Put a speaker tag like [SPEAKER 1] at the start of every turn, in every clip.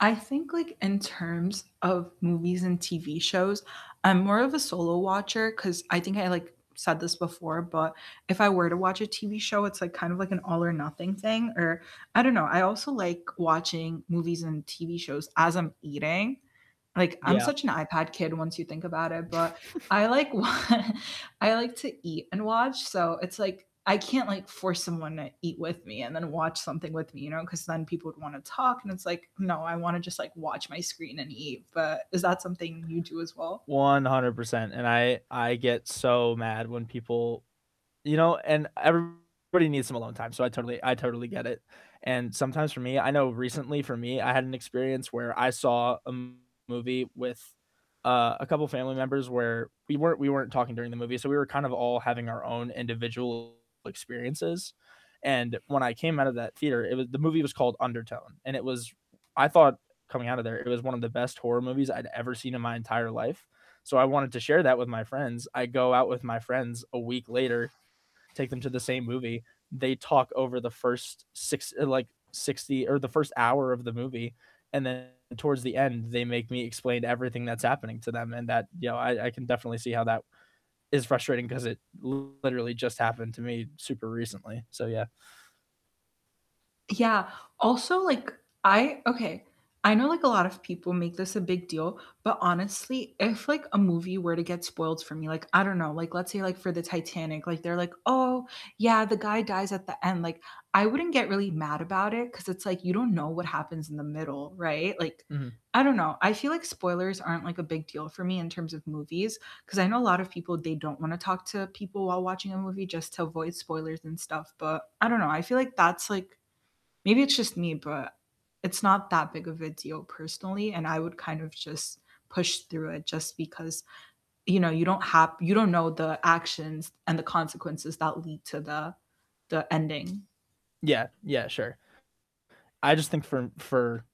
[SPEAKER 1] I think like in terms of movies and TV shows, I'm more of a solo watcher 'cause I think I, like, said this before, but if I were to watch a TV show, it's like kind of like an all or nothing thing or I don't know. I also like watching movies and TV shows as I'm eating, like, I'm
[SPEAKER 2] Yeah.
[SPEAKER 1] such an iPad kid once you think about it, but I like wa I like to eat and watch, so it's like I can't, like, force someone to eat with me and then watch something with me, you know, 'cause then people would wanna talk, and it's like, "No, I wanna just, like, watch my screen and eat." But is that something you do as well?
[SPEAKER 2] 100%, and I I get so mad when people You know, and everybody needs some alone time, so I totally I totally get it, and sometimes for me I know recently for me, I had an experience where I saw a movie with, uh, a couple family members where we weren't we weren't talking during the movie, so we were kind of all having our own individual experiences, and when I came out of that theater, it was the movie was called Undertow, and it was, I thought, coming out of there, it was one of the best horror movies I'd ever seen in my entire life, so I wanted to share that with my friends. I go out with my friends a week later, take them to the same movie, they talk over the first six uh, like 60, or the first hour of the movie, and then towards the end, they make me explain everything that's happening to them and that you know, I I can definitely see how that is frustrating 'cause it literally just happened to me super recently, so yeah.
[SPEAKER 1] Yeah. Also, like I Okay, I know, like, a lot of people make this a big deal, but honestly, if, like, a movie were to get spoiled for me, like, I don't know, like let's say like for the Titanic, like they're like, "Oh, yeah, the guy dies at the end," like, I wouldn't get really mad about it 'cause it's like you don't know what happens in the middle, right, like,
[SPEAKER 2] Mhm.
[SPEAKER 1] I don't know, I feel like spoilers aren't, like, a big deal for me in terms of movies, 'cause I know a lot of people, they don't wanna talk to people while watching a movie just to avoid spoilers and stuff, but I don't know. I feel like that's like, maybe it's just me, but it's not that big of a deal personally, and I would kind of just push through it just because, you know, you don't hap you don't know the actions and the consequences that lead to the the ending.
[SPEAKER 2] Yeah, yeah, sure. I just think for for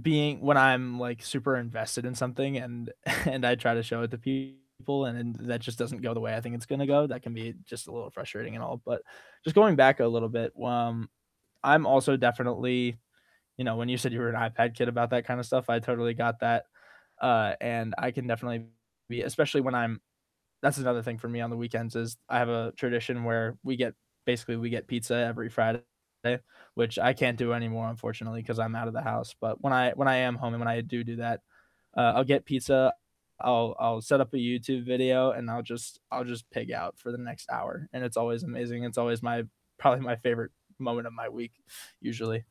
[SPEAKER 2] being When I'm, like, super invested in something and and I try to show it to people and then that just doesn't go the way I think it's gonna go, that can be just a little frustrating and all. But just going back a little bit, um, I'm also definitely you know, when you said you were an iPad kid about that kind of stuff, I totally got that, uh, and I can definitely be, especially when I'm That's another thing for me on the weekends is I have a tradition where we get basically we get pizza every Friday, which I can't do anymore unfortunately, 'cause I'm out of the house, but when I when I am home and when I do do that, uh, I'll get pizza, I'll I'll set up a YouTube video, and I'll just I'll just pig out for the next hour, and it's always amazing. It's always my probably my favorite moment of my week usually.